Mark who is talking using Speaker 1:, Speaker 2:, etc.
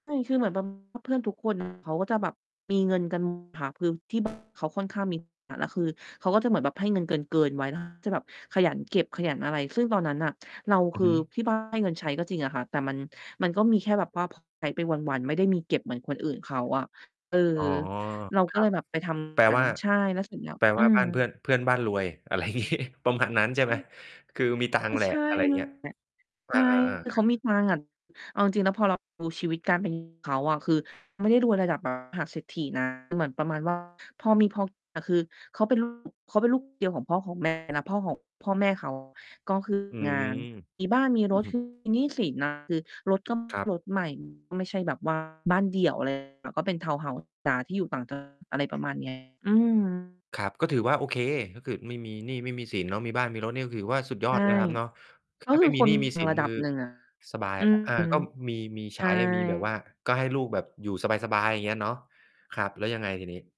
Speaker 1: ใช่ คือเหมือน แบบ เพื่อนทุก คน เขาก็จะแบบมีเงินกัน หมด ค่ะ คือที่ บ้าน เขาค่อนข้างมี ฐานะ คือเขาก็จะเหมือนแบบให้เงินเกิน ๆ ไว้ แล้ว ถ้าแบบขยันเก็บขยันอะไร ซึ่งตอนนั้นน่ะ เรา
Speaker 2: อ
Speaker 1: ค
Speaker 2: ือ
Speaker 1: ือ
Speaker 2: ฮึ
Speaker 1: ที่ บ้าน ให้เงินใช้ก็จริงอะค่ะ แต่มัน มันก็มีแค่แบบว่า พอ ใช้ไปวัน ๆ ไม่ได้มีเก็บเหมือนคนอื่นเขาอะ เออ
Speaker 2: อ๋อ
Speaker 1: เรา
Speaker 2: ค
Speaker 1: ก็
Speaker 2: ร
Speaker 1: เ
Speaker 2: ั
Speaker 1: ล
Speaker 2: บ
Speaker 1: ยแบบไป ท
Speaker 2: แปล
Speaker 1: ำงา
Speaker 2: ว
Speaker 1: น
Speaker 2: ่า
Speaker 1: ใช่ แล้วเสร็จแล้ว
Speaker 2: แปล
Speaker 1: อ
Speaker 2: ว
Speaker 1: ื
Speaker 2: ่า
Speaker 1: ม
Speaker 2: บ้านเพื่อน เพื่อนบ้านรวย อะไร งี้ ประมาณนั้นใช่ไหม?
Speaker 1: [unintelligible]
Speaker 2: คือมีตังค
Speaker 1: ก
Speaker 2: ์
Speaker 1: ็
Speaker 2: แหละ
Speaker 1: ใช่
Speaker 2: อะไรอย่าง
Speaker 1: นั
Speaker 2: เง
Speaker 1: ้
Speaker 2: ี้
Speaker 1: น
Speaker 2: ย
Speaker 1: แหละ
Speaker 2: อ
Speaker 1: ใช่
Speaker 2: า
Speaker 1: ค
Speaker 2: ๆ
Speaker 1: ื
Speaker 2: ๆ
Speaker 1: อเ
Speaker 2: ค
Speaker 1: ข
Speaker 2: รั
Speaker 1: า
Speaker 2: บ
Speaker 1: มีตังค์อะ เอาจริง ๆ แล้วพอ เราดู ชีวิตการ เป็นอยู่ เขาอะ คือไม่ได้รวยระดับ มหา เศรษฐี นะ เหมือนประมาณ ว่า พอมีพอ กิน อะ คือ เขาเป็น ลูก เขาเป็นลูก คน เดียวของพ่อของ แม่ นะ พ่อของ พ่อแม่ เขา ก็ คือ
Speaker 2: อ
Speaker 1: ม
Speaker 2: ื
Speaker 1: ี งา
Speaker 2: ม
Speaker 1: น มีบ้าน มี
Speaker 2: อ
Speaker 1: ร
Speaker 2: ือ
Speaker 1: ถ
Speaker 2: ฮึ
Speaker 1: ไม่มี หนี้สิน อะ คือรถ ก็เป็
Speaker 2: ครั
Speaker 1: น
Speaker 2: บ
Speaker 1: รถ ใหม่ ไม่ใช่แบบ ว่า บ้านเดี่ยว อะไร ก็เป็นทาวน์เฮาส์ ธรรมดา ที่อยู่ต่าง จังหวัด อะไรประมาณ นี้ อืม
Speaker 2: ครับ ก็ถือว่าโอเค ก็คือไม่มีหนี้ไม่มีสินเนาะ มีบ้านมีรถนี่ก็ถือว่าสุดยอ
Speaker 1: ใช่
Speaker 2: ดนะครับเนาะ ถ
Speaker 1: ก
Speaker 2: ้
Speaker 1: ็
Speaker 2: า
Speaker 1: ค
Speaker 2: ไม
Speaker 1: ื
Speaker 2: ่
Speaker 1: อ
Speaker 2: มี
Speaker 1: ค
Speaker 2: ห
Speaker 1: น
Speaker 2: นี้
Speaker 1: ม
Speaker 2: ไม
Speaker 1: ี
Speaker 2: ่มี
Speaker 1: ต
Speaker 2: ส
Speaker 1: ั
Speaker 2: ิ
Speaker 1: งค์
Speaker 2: น
Speaker 1: ระ
Speaker 2: ค
Speaker 1: ดั
Speaker 2: ือ
Speaker 1: บหนึ่ง อะ
Speaker 2: สบาย
Speaker 1: อื
Speaker 2: แล้ว อ่า
Speaker 1: ม
Speaker 2: ก็มี มีใ
Speaker 1: ใ
Speaker 2: ช
Speaker 1: ช่
Speaker 2: ้ มีแบบว่า ก็ให้ลูกแบบอยู่สบาย ๆ อย่างเงี้ยเนาะ ครับ แล้วยังไงทีนี้?